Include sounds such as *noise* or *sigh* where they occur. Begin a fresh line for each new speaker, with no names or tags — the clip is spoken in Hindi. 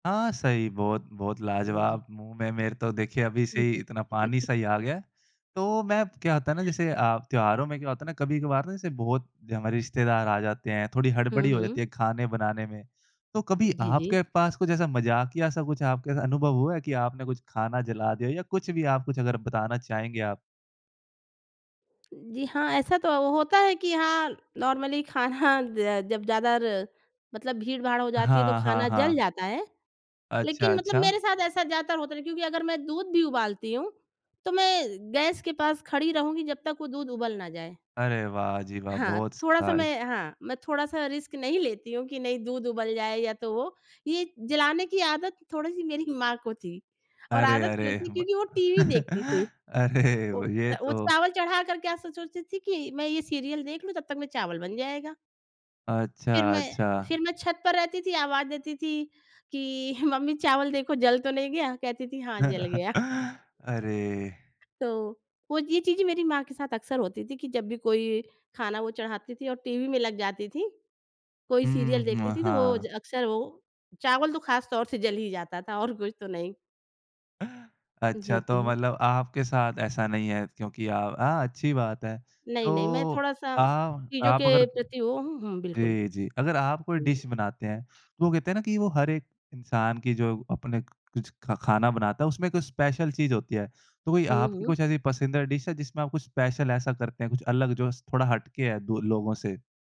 हाँ, सही। बहुत-बहुत
जी, जी।
लाजवाब। मुँह में मेरे तो देखिए अभी से ही इतना पानी-सा ही आ
*giggles*
गया है। तो मैं क्या होता है ना जैसे अ, त्योहारों में क्या होता है ना कभी-कभार ना जैसे बहुत हमारे रिश्तेदार आ जाते हैं, थोड़ी
हुँ,
हड़बड़ी हो जाती
हुँ।
है खाने बनाने में। तो कभी
जी, जी।
आपके पास कुछ ऐसा मज़ाकिया-सा कुछ आपके अनुभव हुआ है कि आपने कुछ खाना जला दिया या कुछ भी आप कुछ अगर बताना चाहेंगे आप?
जी हाँ, ऐसा तो होता है कि हाँ, नॉर्मली खाना ज जब ज़्यादा र मतलब भीड़-भाड़ हो जाती है तो
हाँ, हाँ,
खाना जल
हाँ।
जाता है।
अच्छा,
लेकिन मतलब मेरे
अच्छा।
साथ ऐसा ज़्यादातर होता नहीं। क्योंकि अगर मैं दूध भी उबालती हूँ, तो मैं गैस के पास खड़ी रहूँगी जब तक वो दूध उबाल ना जाए।
अरे! वाह जी वाह!
हाँ।
बहुत।
थोड़ा-सा
*unintelligible*
मैं हाँ। मैं थोड़ा-सा रिस्क नहीं लेती हूँ कि नहीं दूध उबल जाए या तो वो। ये जलाने की आदत थोड़ी-सी मेरी माँ को थी और
अरे
आदत
अरे!
क्यों थी
ब
क्योंकि वो टीवी देखती थी।
*chuckles* अरे
वो
ये
वो
तो
चावल चढ़ा कर के ऐसा सोचती थी कि मैं ये सीरियल देख लूँ तब तक में चावल बन जाएगा। फिर
अच्छा,
मैं
अच्छा।
फिर मैं छत पर रहती थी आवाज़ देती थी कि "मम्मी चावल देखो। जल तो नहीं गया?" कहती थी "हाँ, जल गया।"
*chuckles* अरे!
तो वो ये चीज़ें मेरी माँ के साथ अक्सर होती थी। कि जब भी कोई खाना वो चढ़ाती थी और टीवी में लग जाती थी, कोई
हुँ,
सीरियल
हुँ।
देखती
म
थी तो वो ज
हाँ।
अक्सर वो चावल तो खास तौर से जल ही जाता था और कुछ तो नहीं।
*chuckles*
जी,
अच्छा, तो
जी।
मतलब आपके साथ ऐसा नहीं है। क्योंकि अ, अ, अच्छी बात है।
नहीं,
तो
नहीं। मैं थोड़ा-सा
आ
चीज़ों
आप
के
अगर
प्रति वो हूँ हुँ, बिल्कुल।
जी, जी। अगर आप कोई
हुँ।
डिश बनाते हैं, तो वो कहते है ना कि वो हर एक इंसान की जो अपने कुछ ख खाना बनाता है उसमें कुछ स्पेशल चीज़ होती है। तो कोई
हुँ,
आपकी
हुँ।
कुछ ऐसी पसंदीदा डिश है जिसमें आप कुछ स्पेशल ऐसा करते हैं कुछ अलग जो स थोड़ा हट के है दो लोगों से?